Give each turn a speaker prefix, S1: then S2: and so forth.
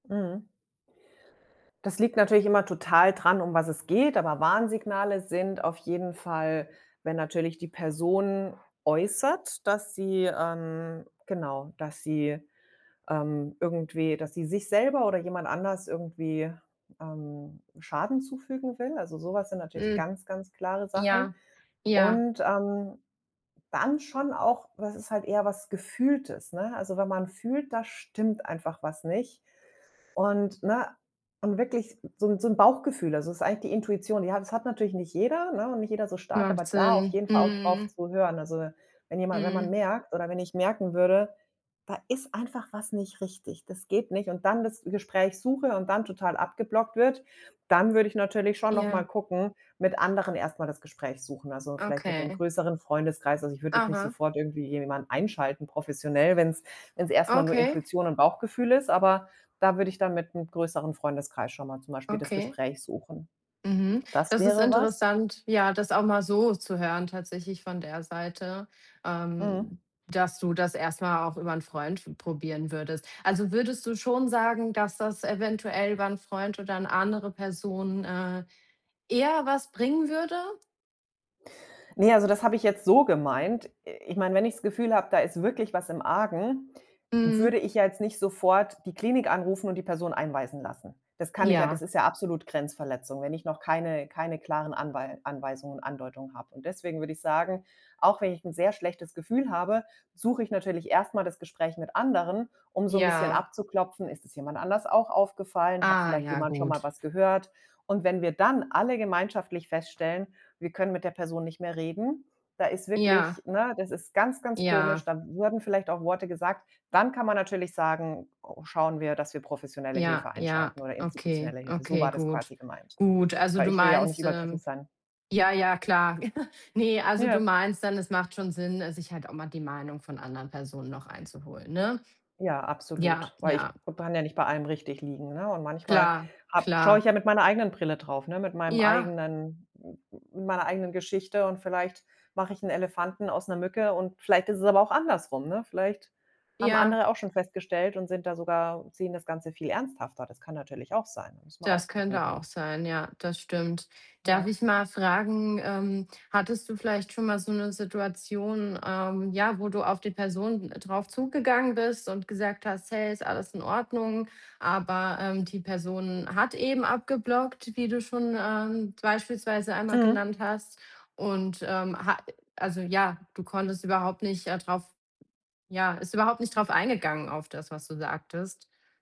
S1: Mhm. Das liegt natürlich immer total dran, um was es geht, aber Warnsignale sind auf jeden Fall, wenn natürlich die Person äußert, dass sie ähm, genau, dass sie ähm, irgendwie, dass sie sich selber oder jemand anders irgendwie, ähm, Schaden zufügen will. Also so was sind natürlich
S2: Hm.
S1: ganz, ganz klare Sachen.
S2: Ja, ja.
S1: Und, ähm, dann schon auch, was ist halt eher was Gefühltes, ne? Also wenn man fühlt, da stimmt einfach was nicht und ne, und wirklich so 'n so 'n Bauchgefühl, also das ist eigentlich die Intuition, die hat das hat natürlich nicht jeder, ne? Und nicht jeder so stark, aber
S2: Macht
S1: da auf
S2: Sinn.
S1: jeden Fall auch drauf
S2: Mhm.
S1: zu hören. Also wenn jemand wenn man
S2: Mhm.
S1: merkt oder wenn ich merken würde: „Da ist einfach was nicht richtig, das geht nicht“, und dann das Gespräch suche und dann total abgeblockt wird, dann würde ich natürlich schon noch mal
S2: Ja.
S1: gucken, mit anderen erst mal das Gespräch suchen. Also vielleicht mit dem
S2: Okay.
S1: größeren Freundeskreis. Also, ich würde jetzt nicht
S2: Aha.
S1: sofort irgendwie jemanden einschalten, professionell, wenn's wenn's erst mal nur
S2: Okay.
S1: Intuition und Bauchgefühl ist, aber da würde ich dann mit 'm größeren Freundeskreis schon mal zum Beispiel das
S2: Okay.
S1: Gespräch suchen.
S2: Mhm.
S1: Das
S2: Das ist
S1: wäre was.
S2: interessant, ja, das auch mal so zu hören tatsächlich von der Seite,
S1: Mhm.
S2: ähm, dass du das erst mal auch über 'n Freund f probieren würdest. Also, würdest du schon sagen, dass das eventuell über 'n Freund oder 'ne andere Person, äh, eher was bringen würde?
S1: Ne, also das habe ich jetzt so gemeint. I ich meine, wenn ich's Gefühl habe, da ist wirklich was im Argen, würde
S2: Mhm.
S1: ich ja jetzt nicht sofort die Klinik anrufen und die Person einweisen lassen. Das kann ich ja
S2: Ja.
S1: das ist ja absolut Grenzverletzung, wenn ich noch keine keine klaren Anwei Anweisungen und Andeutungen habe. Und deswegen würde ich sagen, auch wenn ich 'n sehr schlechtes Gefühl habe, suche ich natürlich erst mal das Gespräch mit anderen, um so 'n bisschen
S2: Ja.
S1: abzuklopfen, ist es jemand anders auch aufgefallen? Hat
S2: Ah.
S1: vielleicht
S2: Ja,
S1: jemand schon mal
S2: gut.
S1: was gehört? Und wenn wir dann alle gemeinschaftlich feststellen, wir können mit der Person nicht mehr reden, da ist
S2: Ja.
S1: wirklich Ne, das ist ganz, ganz komisch.
S2: Ja.
S1: Da wurden vielleicht auch Worte gesagt. Dann kann man natürlich sagen, o schauen wir, dass wir professionelle
S2: Ja,
S1: Hilfe
S2: ja,
S1: einschalten oder
S2: okay,
S1: institutionelle Hilfe. So
S2: okay,
S1: war das
S2: gut.
S1: quasi gemeint,
S2: Gut, also
S1: weil
S2: du
S1: ich will ja auch nicht
S2: meinst ähm,
S1: übergriffig sein.
S2: ja, ja klar. Ne, also du
S1: Ja.
S2: meinst dann, es macht schon Sinn, äh, sich halt auch mal die Meinung von anderen Personen noch einzuholen, ne?
S1: Ja,
S2: Ja,
S1: absolut, weil ich
S2: ja.
S1: b kann ja nicht bei allem richtig liegen, ne? Und manchmal
S2: Klar,
S1: habe schaue
S2: klar.
S1: ich ja mit meiner eigenen Brille drauf, ne? Mit meinem
S2: Ja.
S1: eigenen, n n n mit meiner eigenen Geschichte. Und vielleicht mache ich 'n Elefanten aus 'ner Mücke und vielleicht ist es aber auch andersrum, ne? Vielleicht haben
S2: Ja.
S1: andere auch schon festgestellt und sind da sogar sehen das Ganze viel ernsthafter. Das kann natürlich auch sein, muss man
S2: Das
S1: auch gucken.
S2: könnte auch sein, ja, das stimmt. Darf
S1: Ja.
S2: ich mal fragen, ähm hattest du vielleicht schon mal so 'ne Situation, ähm, ja, wo du auf die Person drauf zugegangen bist und gesagt hast: „Hey, ist alles in Ordnung?“, aber, ähm, die Person hat eben abgeblockt, wie du schon, ähm, beispielsweise einmal
S1: Mhm.
S2: genannt hast. Und, ähm, ha äh, also ja, du konntest überhaupt nicht, äh, drauf ja, ist überhaupt nicht darauf eingegangen auf das, was du sagtest?